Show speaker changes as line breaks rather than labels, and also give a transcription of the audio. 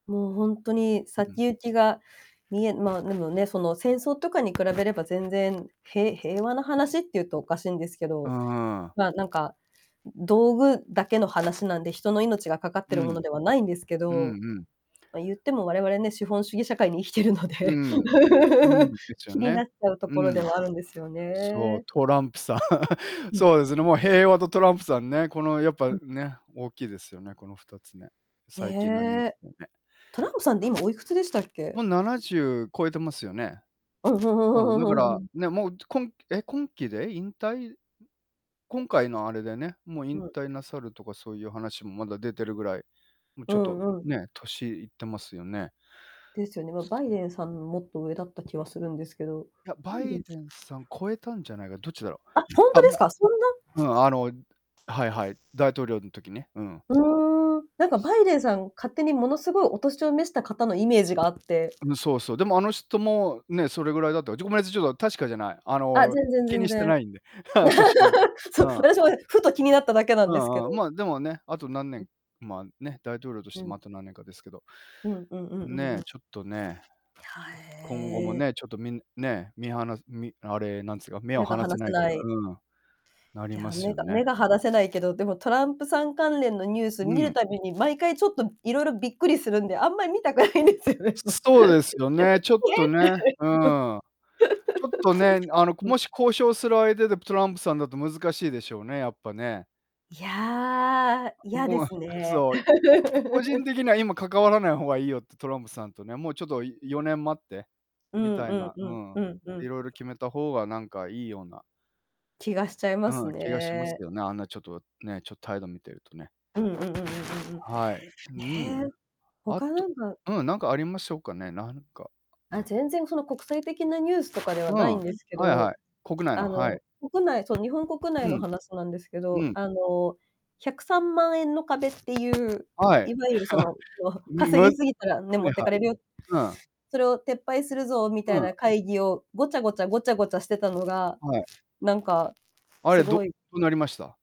もうほんとに、
うん。
先行きが見えまあ、でもね、その戦争とかに比べれば全然へ平和な話って言うとおかしいんですけ
う
ど、
ん。
ま、なんか道具だけの話なんで、人の命がかかっ
う
てる
ん。
ものではないんですけ
うん
ど、
うん。
ま、言っても、我々ね、資本主義社会に生きてるの
う
で
ん。うん、ですよ
気に
ね。
なっちゃうと
う
ころで
ん。
はあるんですよ
そう、
ね。
トランプさん。
うん。
そうですね、もう平和とトランプさんね、このやっぱね、大きいですよね、この2つね、最近のニュース
ね。
でね。
トランプさんって今おいくつでしたっ
も
け？
う70超えてますよね。
うん。ふんふ
うん、
ん
だ
ふ
か
んふんふんふ
ら、
ん。
ね、もうこんえ、今期で引退？今回のあれでね、もう引
うん。
退なさるとかそういう話もまだ出てるぐらい、もう
う
ちょっと、
んうん。
ね、年いってますよね。
ですよね、ま、バイデンさん、もっと上だった気はするんですけど、
いや、
バ
バ
イデ
イ
ン
デンさん超えたんじゃないか、どっちだろう？
あ、ほんと
あ、
です
ま
か、そんな
うん、あの、はいはい、大統領の時ね。うん。
うーん。なんかバイデンさん、勝手にものすごいお年を召した方のイメージがあって。
うん、そうそう、でもあの人も、ね、それぐらいだとちょっとごめんなさい、ちょっと確かじゃない。あ
あ、
の、
全然
気
全
にして
然。
ないんで。年は。
そう、
うん。
私もね、ふと気になっただけなん
う
ですけ
ん
ど。
うん、ま、でもね、あと何年ま、ね、大統領とし
う
て
ん。
ま、あと何年かですけど。
うんうんうんうんうん。
ね、
や、
ちょっとね。ちょ今後も
へえ。
ね、ちょっとみんね、みはなみあれ、なんつか目を
目が
離せ
離
な
せ
いと
な
か、
い。
うん、な
い
り
や、
ます
目
よ
が
ね。
目が離せないけど、でもトランプさん関連のニュース
う
見る
ん。
たびに毎回ちょっといろいろびっくりするんで、あんまり見たくないんですよね。
そそうですよね、ちょっとね、うん。ちょっとね、あの こ
えって。
もし交渉する相手でトランプさんだと難しいでしょうね、やっぱね。
いや、い
う、
やで
もう、
すね。
そう、個人 的には今関わらない方がいいよってトランプさんとね、もうちょっと4年待って
う
み
ん
た
う
い
ん
な、
う
う
ん
ん、
うんう
い
ん。
ろいろ決めた方が何かいいような
気がしちゃいます
うん、気がします
ね。
よね。あんなちょっと、ね、ちょ、態度見てるとね。
うんうんうんうんうんうん。
はい。うん。
ね、
あ
他な
と
んか
うん、なんかありましょうかね、なんか
あ、全然その国際的なニュースとかで
う
はな
ん、
い
は
んですけ
いは
ど、
い。国内の、
あ
はい。
の、国内、そう日本国
う
内の
ん。
話なんですけ
う
ど、
ん。
あの、103万円の壁っていう、
はい。
いわゆるその、えっと
んむ
「稼
は
ぎすぎたらね、持
い
って
はい。
かれるよ。
うん。
それを撤廃するぞ」み
う
たい
ん。
な会議をごちゃごちゃごちゃごちゃしてたのが、
はい。
なんか、
あ
す
れ、
ご
ど
い
どなりました？